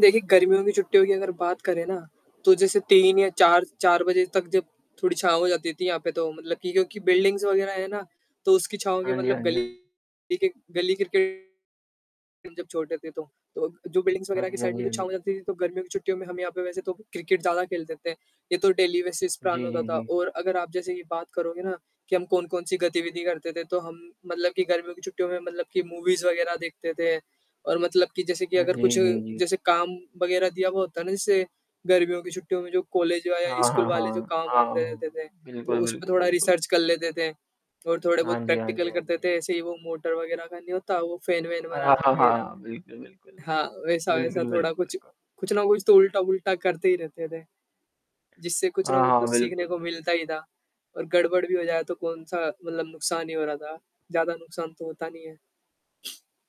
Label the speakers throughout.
Speaker 1: देखिए गर्मियों की छुट्टियों की अगर बात करें ना, तो जैसे 3 या 4 4 बजे तक जब थोड़ी छाँव हो जाती थी यहाँ पे तो मतलब कि क्योंकि बिल्डिंग्स वग़ैरह है ना, तो उसकी छाँव के
Speaker 2: हाँ जी,
Speaker 1: मतलब
Speaker 2: हाँ जी,
Speaker 1: गली
Speaker 2: हाँ।
Speaker 1: के गली क्रिकेट हम जब छोटे थे तो। तो जो बिल्डिंग्स
Speaker 2: हाँ
Speaker 1: वग़ैरह की
Speaker 2: जी, हाँ
Speaker 1: साइड में
Speaker 2: जी,
Speaker 1: जो
Speaker 2: हाँ
Speaker 1: छाँव
Speaker 2: जी।
Speaker 1: हो जाती थी तो गर्मियों की छुट्टियों में हम यहाँ पे वैसे तो क्रिकेट ज़्यादा खेलते थे। ये तो डेली बेसिस प्लान
Speaker 2: जी,
Speaker 1: होता
Speaker 2: जी,
Speaker 1: था
Speaker 2: जी।
Speaker 1: और अगर आप जैसे कि बात करोगे ना, कि हम कौन-कौन सी गतिविधि करते थे तो हम मतलब कि गर्मियों की छुट्टियों में मतलब कि मूवीज़ वग़ैरह देखते थे और मतलब कि जैसे कि
Speaker 2: हाँ
Speaker 1: अगर
Speaker 2: जी,
Speaker 1: कुछ
Speaker 2: जी, जी।
Speaker 1: जैसे काम वग़ैरह दिया हुआ होता ना जैसे, गर्मियों की छुट्टियों में जो कॉलेज वा या
Speaker 2: हाँ,
Speaker 1: स्कूल
Speaker 2: हाँ,
Speaker 1: वाले जो
Speaker 2: हाँ।
Speaker 1: काम-वाम
Speaker 2: हाँ,
Speaker 1: दे देते
Speaker 2: हाँ।
Speaker 1: थे, तो
Speaker 2: बिल्कुल,
Speaker 1: उसपे
Speaker 2: बिल्कुल,
Speaker 1: थोड़ा
Speaker 2: बिल्कुल।
Speaker 1: रिसर्च कर लेते थे। और
Speaker 2: हाँ
Speaker 1: थोड़े-बहुत
Speaker 2: जी, हाँ जी,
Speaker 1: प्रैक्टिकल
Speaker 2: हाँ
Speaker 1: करते
Speaker 2: जी।
Speaker 1: थे, ऐसे ही वो मोटर वग़ैरह का नहीं होता वो फेन वेन
Speaker 2: हाँ,
Speaker 1: बनाना
Speaker 2: हाँ,
Speaker 1: वग़ैरह।
Speaker 2: हाँ। बिल्कुल, बिल्कुल।
Speaker 1: हाँ, वैसा,
Speaker 2: बिल्कुल,
Speaker 1: वैसा थोड़ा
Speaker 2: बिल्कुल,
Speaker 1: कुछ,
Speaker 2: बिल्कु
Speaker 1: कुछ ना कुछ तो उल्टा-वूल्टा करते ही रहते थे। जिससे कुछ ना
Speaker 2: हाँ,
Speaker 1: कुछ तो
Speaker 2: हाँ।
Speaker 1: सीखने
Speaker 2: बिल्कुल,
Speaker 1: को मिलता
Speaker 2: बिल्कुल।
Speaker 1: ही था और गड़बड़ भी हो जाए तो कौन-सा मतलब नुकसान ही हो रहा था, ज़्यादा नुकसान तो होता नहीं है।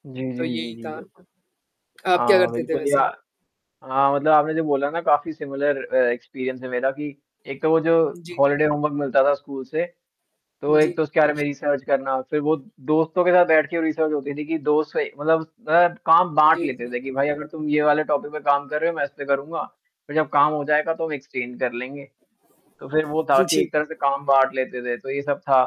Speaker 2: जी,
Speaker 1: तो
Speaker 2: जी,
Speaker 1: ये
Speaker 2: जी,
Speaker 1: ही
Speaker 2: जी,
Speaker 1: था।
Speaker 2: बिल्कुल।
Speaker 1: आप क्या
Speaker 2: हाँ,
Speaker 1: करते थे
Speaker 2: बिल्कुल या
Speaker 1: वैसे?
Speaker 2: हाँ, मतलब आपने जो बोला ना काफ़ी सिमिलर अ, एक्सपीरियंस है मेरा कि, एक तो वो जो
Speaker 1: जी।
Speaker 2: हॉलिडे होमवर्क मिलता था स्कूल से, तो एक
Speaker 1: जी।
Speaker 2: तो उसके बारे में रिसर्च करना, फिर वो दोस्तों के साथ बैठ के वो रिसर्च होती थी कि दोस्त से मतलब अ, काम बाँट
Speaker 1: जी,
Speaker 2: लेते
Speaker 1: जी।
Speaker 2: थे कि भाई अगर तुम ये वाले टॉपिक पे काम कर रहे हो मैं इस पे करूँगा, फिर जब काम हो जाएगा तो हम एक्सचेंज कर लेंगे। तो फिर वो था
Speaker 1: हुँ
Speaker 2: कि
Speaker 1: जी।
Speaker 2: एक तरह से काम बाँट लेते थे तो ये सब था।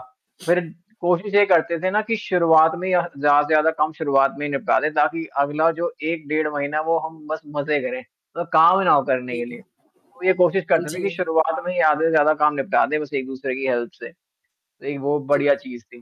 Speaker 2: फिर कोशिश ये करते थे ना कि शुरुआत में यह ज़्यादा से ज़्यादा कम शुरुआत में निपटा दें ताकि अगला जो 1 डेढ़ महीना वो हम बस मज़े करें अ, काम ना वो करने के
Speaker 1: जी।
Speaker 2: लिए। तो ये कोशिश
Speaker 1: हुँ
Speaker 2: करते थे कि
Speaker 1: जी।
Speaker 2: शुरुआत में ही आधे से ज़्यादा काम निपटा दें बस एक-दूसरे की हेल्प से, एक वो
Speaker 1: जी।
Speaker 2: बढ़िया चीज़ थी।